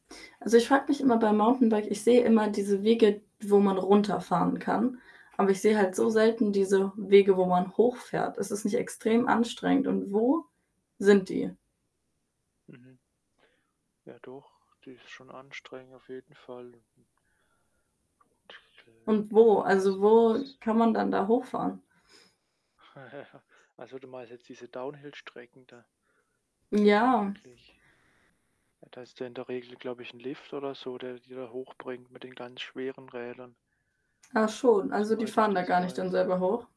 Also, ich frage mich immer beim Mountainbike ich sehe immer diese Wege, wo man runterfahren kann, aber ich sehe halt so Mhm. selten diese Wege, wo man hochfährt. Ist es nicht extrem anstrengend und wo sind die? Mhm. Ja, doch, die ist schon anstrengend auf jeden Fall. Hm. Und Äh, wo? ja, Also, wo meistens kann man dann da hochfahren? Ja, also, du meinst jetzt diese Downhill-Strecken da Ja. vermutlich. Ja, da hast du in der Regel, glaube ich, 'n Lift oder so, der die da hochbringt mit den ganz schweren Rädern Ah, schon, also, die soweit ich fahren da das gar nicht dann weiß. selber hoch?